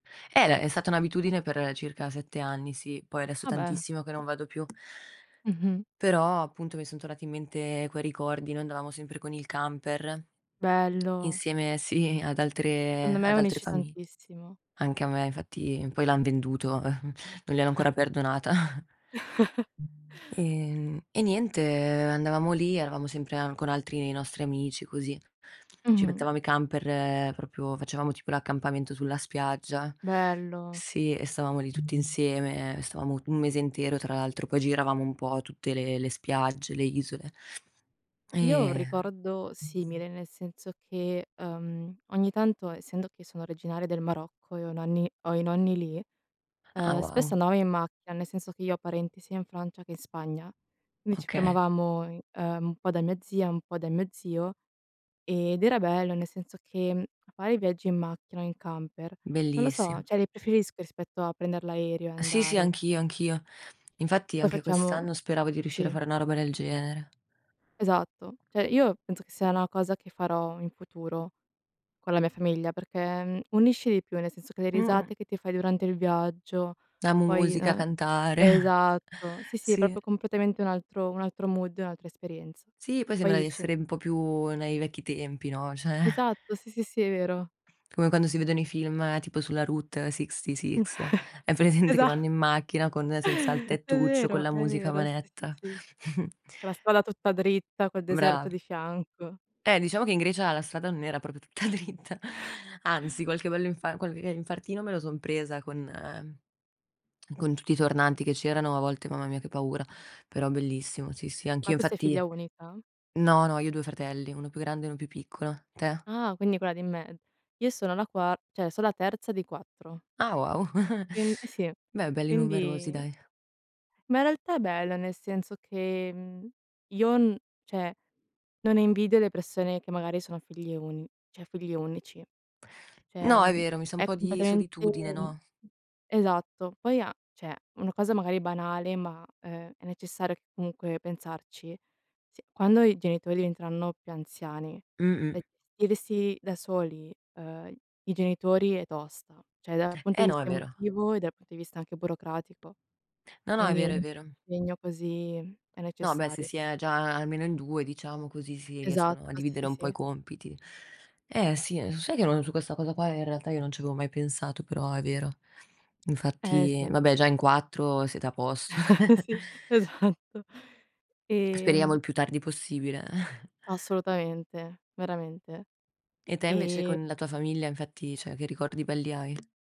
Eh, de è stata un'abitudine per circa 7 anni, sì, poi adesso Ah beh. tantissimo che non vado più. Mh-mh. Però appunto, mi son tornati in mente quei ricordi: noi andavamo sempre con il camper, Bello. insieme sì, ad Secondo altre me ad altre unisce famiglie. tantissimo. Anche a me infatti poi l'han venduto, non gliel'ho ancora perdonata. Ehm, e niente, andavamo lì, eravamo sempre a con altri dei nostri amici così. Ci Mh-mh. mettevamo i camper proprio facevamo tipo l'accampamento sulla spiaggia. Bello. Sì, e stavamo lì tutti insieme, stavamo u un mese intero, tra l'altro poi giravamo un po' tutte le le spiagge, le isole; Io ho un e ricordo simile, nel senso che, ehm, ogni tanto essendo che sono originaria del Marocco e ho i nonni ho i nonni lì, Ah ehm, wow. spesso andavamo in macchina, nel senso che io ho parenti sia in Francia che in Spagna, quindi ci Okay. fermavamo in ehm, un po' da mia zia e un po' da mio zio, ed era bello, nel senso che, mhmm, a fare viaggi in macchina o in camper, non lo so, Bellissimo. cioè li preferisco rispetto a prender l'aereo e Sì, sì, andare. anch'io, anch'io. Infatti Poi anche facevamo quest'anno speravo di riuscire a sì. fare una roba del genere. Esatto. Cioè io penso che sia una cosa che farò in futuro con la mia famiglia, perchè, mhmm, unisce di più, nel senso che le Mh-mh. risate che ti fai durante il viaggio, La poi musica, uhm, cantare. esatto, sì, sì, è Sì. proprio completamente un altro un altro mood, un'altra esperienza. Sì, poi sembra di Poi c essere un po' più nei vecchi tempi, no, cioè Esatto sì, sì, sì, è vero. come quando si vedono i film tipo sulla Route 66, hai presente che Esa vanno in macchina con senza il È tettuccio, con vero, la è musica a vero. Sì, manetta? sì, sì. La strada tutta dritta, col deserto Brava. di fianco. Eh, diciamo che in Grecia la strada non era proprio tutta dritta, anzi qualche bell'infar qualche infartino me lo son presa con con tutti i tornanti che c'erano, a volte mamma mia che paura, però bellissimo, sì sì. Ma Anch'io tu sei figlia infatti unica? no, no, io ho 2 fratelli, 1 più grande e 1 più piccolo, te? Ah, quindi quella di me io sono la qua cioè so' la terza di 4. Ah wow. Quin eh sì. Beh belli numerosi, Quindi dai. Ma in realtà è bello, nel senso che, mhmm, io n cioè, non invidio le persone che magari sono figlie uni cioè figlio unici. Cioè, No, è mhmm, vero, mi sa un è po' di completamente solitudine, mhmm, no? esatto. Poi a cioè una cosa magari banale, ma è è necessario comunque pensarci, sì: quando i genitori diventeranno più anziani, Mh-mh. e gestirsi da soli, uhm, i genitori è tosta; cioè dal punto Eh di no, è vista vero. emotivo e dal punto di vista anche burocratico. No, no, è Quindi è vero, è un vero. impegno così è No, beh, se necessario. si è già almeno in 2 diciamo così, si riescono a Esatto dividere sì, sì, un po' i sì. compiti. Eh sì, ehm, so sai che non su questa cosa qua in realtà io non ci avevo mai pensato, però è vero. Eh Infatti, sì. va beh, già in 4 siete a posto. Sì, esatto. Speriamo il Ehm più tardi possibile. Assolutamente, veramente. E te invece E con la tua famiglia infatti cioè, che ricordi belli hai?